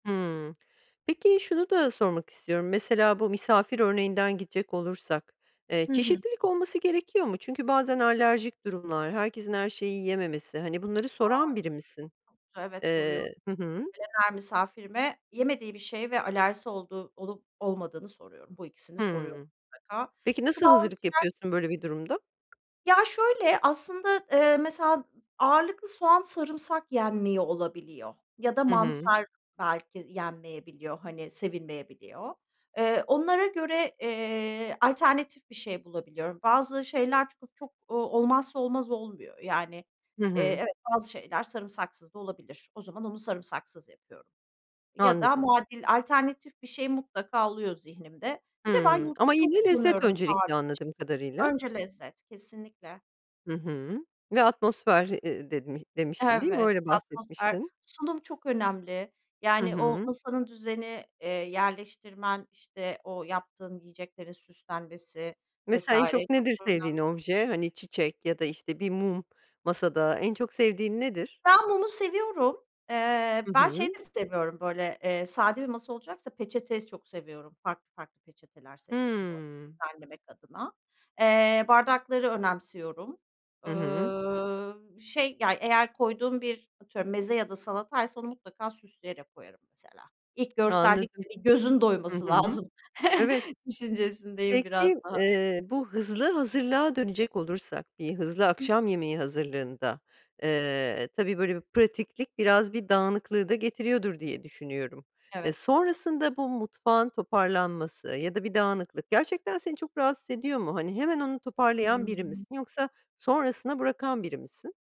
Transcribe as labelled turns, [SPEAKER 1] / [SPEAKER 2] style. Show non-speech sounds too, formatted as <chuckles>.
[SPEAKER 1] Hımm, peki şunu da sormak istiyorum, mesela, bu misafir örneğinden gidecek olursak, eee,
[SPEAKER 2] Hı hı.
[SPEAKER 1] çeşitlilik olması gerekiyor mu? Çünkü bazen alerjik durumlar, herkesin her şeyi yiyememesi, hani, bunları
[SPEAKER 2] A!
[SPEAKER 1] soran biri misin?
[SPEAKER 2] <unintelligible> Evet, soruyorum.
[SPEAKER 1] Eee Hı hı.
[SPEAKER 2] Gelen her misafirime yemediği bir şey ve alerjisi olduğu olup olmadığını soruyorum. Bu ikisini soruyorum
[SPEAKER 1] Hıı.
[SPEAKER 2] mutlaka.
[SPEAKER 1] Peki,
[SPEAKER 2] Çünkü
[SPEAKER 1] nasıl
[SPEAKER 2] bazı
[SPEAKER 1] hazırlık
[SPEAKER 2] kişiler
[SPEAKER 1] yapıyorsun böyle bir durumda?
[SPEAKER 2] Ya, şöyle: Aslında, eee, mesela ağırlıklı soğan sarımsak yenmiyor olabiliyor ya da
[SPEAKER 1] Hı hı.
[SPEAKER 2] mantar belki yenmeyebiliyor. Hani, sevilmeyebiliyor. Eee, onlara göre, eee, alternatif bir şey bulabiliyorum. Bazı şeyler çok çok, ooo, olmazsa olmaz olmuyor. Yani,
[SPEAKER 1] Hı
[SPEAKER 2] eee,
[SPEAKER 1] hı.
[SPEAKER 2] evet, bazı şeyler sarımsaksız da olabilir. O zaman onu sarımsaksız yapıyorum ya da
[SPEAKER 1] Anladım.
[SPEAKER 2] muadil, alternatif bir şey mutlaka oluyor zihnimde. Bir de ben
[SPEAKER 1] Hıı, ama
[SPEAKER 2] yoğurdu çok
[SPEAKER 1] yine lezzet
[SPEAKER 2] kullanıyorum bu tarif
[SPEAKER 1] öncelikli, anladığım kadarıyla.
[SPEAKER 2] için. Önce lezzet, kesinlikle.
[SPEAKER 1] Hı hı, ve atmosfer, eee, demi demiştin, değil mi?
[SPEAKER 2] Evet.
[SPEAKER 1] Öyle
[SPEAKER 2] Atmosfer
[SPEAKER 1] bahsetmiştin.
[SPEAKER 2] sunum çok önemli.
[SPEAKER 1] Hı
[SPEAKER 2] Yani, o
[SPEAKER 1] hı.
[SPEAKER 2] masanın düzeni, eee, yerleştirmen, işte, o yaptığın yiyeceklerin süslenmesi vs.
[SPEAKER 1] Mesela, en çok nedir
[SPEAKER 2] çok da
[SPEAKER 1] sevdiğin
[SPEAKER 2] önemli.
[SPEAKER 1] obje? Hani, çiçek ya da, işte, bir mum masada. En çok sevdiğin nedir?
[SPEAKER 2] Ben mumu seviyorum. Eee,
[SPEAKER 1] Hı
[SPEAKER 2] ben şeyi
[SPEAKER 1] hı.
[SPEAKER 2] de seviyorum, böyle, eee, sade bir masa olacaksa peçete s çok seviyorum. Farklı farklı peçeteler seviyorum, böyle,
[SPEAKER 1] Hıı.
[SPEAKER 2] düzenlemek adına. Eee, bardakları önemsiyorum.
[SPEAKER 1] Hı hı.
[SPEAKER 2] Ööö, şey, yani, eğer koyduğum bir atıyorum meze ya da salataysa onu mutlaka süsleyerek koyarım, mesela. İlk
[SPEAKER 1] Anladım.
[SPEAKER 2] görsellikte bir gözün
[SPEAKER 1] Hı
[SPEAKER 2] doyması
[SPEAKER 1] hı.
[SPEAKER 2] lazım
[SPEAKER 1] Evet.
[SPEAKER 2] <chuckles> düşüncesindeyim biraz
[SPEAKER 1] Peki,
[SPEAKER 2] daha.
[SPEAKER 1] eee, bu hızlı hazırlığa dönecek olursak, bir hızlı
[SPEAKER 2] Hıh.
[SPEAKER 1] akşam yemeği hazırlığında, eee, tabii böyle bir pratiklik biraz bir dağınıklığı da getiriyordur diye düşünüyorum. E,
[SPEAKER 2] Evet.
[SPEAKER 1] sonrasında bu mutfağın toparlanması ya da bir dağınıklık gerçekten seni çok rahatsız ediyor mu? Hani, hemen onu toparlayan biri
[SPEAKER 2] Hıı.
[SPEAKER 1] misin yoksa sonrasına bırakan biri misin?